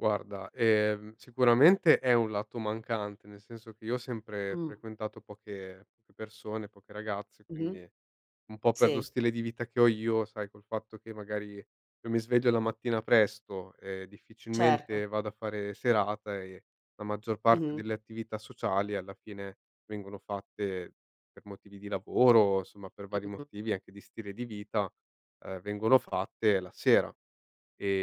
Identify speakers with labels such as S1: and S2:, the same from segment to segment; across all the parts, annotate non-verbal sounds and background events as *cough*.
S1: Guarda, ehm, sicuramente è un lato mancante, nel senso che io ho sempre
S2: Mh.
S1: frequentato poche *unintelligible* persone, poche ragazze,
S2: Mh-mh,
S1: quindi un po' per lo
S2: sì.
S1: stile di vita che ho io, sai col fatto che magari io mi sveglio la mattina presto, ehm,
S2: Certo.
S1: difficilmente vado a fare serata e la maggior parte
S2: Mh-mh.
S1: delle attività sociali, alla fine, vengono fatte per motivi di lavoro, somma per vari
S2: Mh-mh-mh.
S1: motivi anche di stile di vita, ehm, vengono fatte la sera.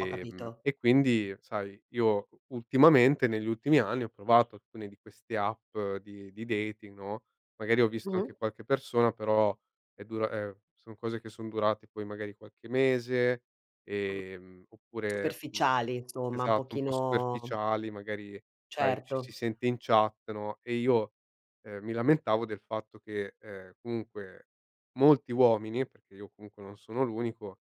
S2: Ho capito.
S1: e quindi sai io u ultimamente, negli ultimi anni, ho provato alcune di queste app di di dating, no, magari ho visto
S2: Mh-mh.
S1: anche qualche persona, però è dura ehm, son cose che son durate poi magari qualche mese,
S2: Mh,
S1: ehm, oppure mh.
S2: superficiali, insomma, un
S1: Esatto un po'
S2: pochino
S1: superficiali, magari sai ci si
S2: Certo.
S1: sente in chat, no, e io, ehm, mi lamentavo del fatto che, ehm, comunque molti uomini, perché io comunque non sono l'unico,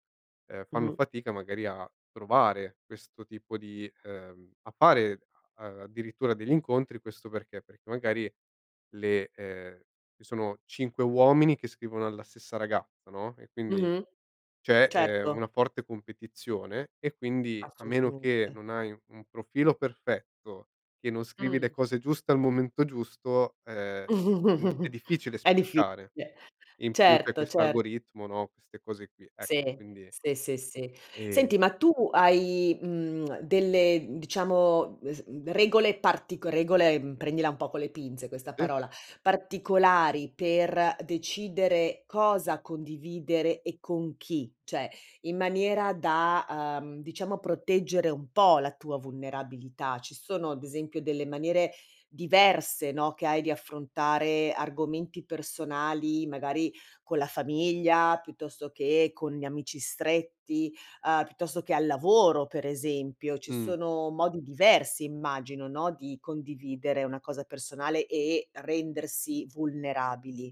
S1: ehm, fanno
S2: Mh-mh.
S1: fatica magari a trovare questo tipo di ehm, a fare a addirittura degli incontri, questo perché: perché magari le ehm, i sono 5 uomini che scrivono alla stessa ragazza, no, e quindi
S2: Mh-mh.
S1: c'è, ehm,
S2: Certo.
S1: una forte competizione; e quindi, a meno che
S2: Assolutamente.
S1: non hai u un profilo perfetto, che non scrivi le
S2: Mh.
S1: cose giuste al momento giusto, ehm, n è
S2: *chuckles*
S1: difficile
S2: È
S1: spiccare.
S2: difficile.
S1: E in più c'è
S2: Certo,
S1: questo
S2: cer
S1: algoritmo, no, queste cose qui. Ec
S2: Sì,
S1: quindi
S2: sì, sì, sì.
S1: e
S2: Senti, ma tu hai, mhmm, delle, mhmm, diciamo, mhmm, se mhmm, regole partico regole, mhmm, prendila un po' con le pinze questa
S1: Sì.
S2: parola, particolari per decidere cosa condividere e con chi, cioè in maniera da, uhm, diciamo proteggere un po' la tua vulnerabilità? Ci sono ad esempio delle maniere diverse, no, che hai di affrontare argomenti personali, magari con la famiglia, piuttosto che con gli amici stretti, uhm, piuttosto che al lavoro, per esempio. Ci
S1: Mh.
S2: sono modi diversi immagino, no, di condividere una cosa personale e rendersi vulnerabili.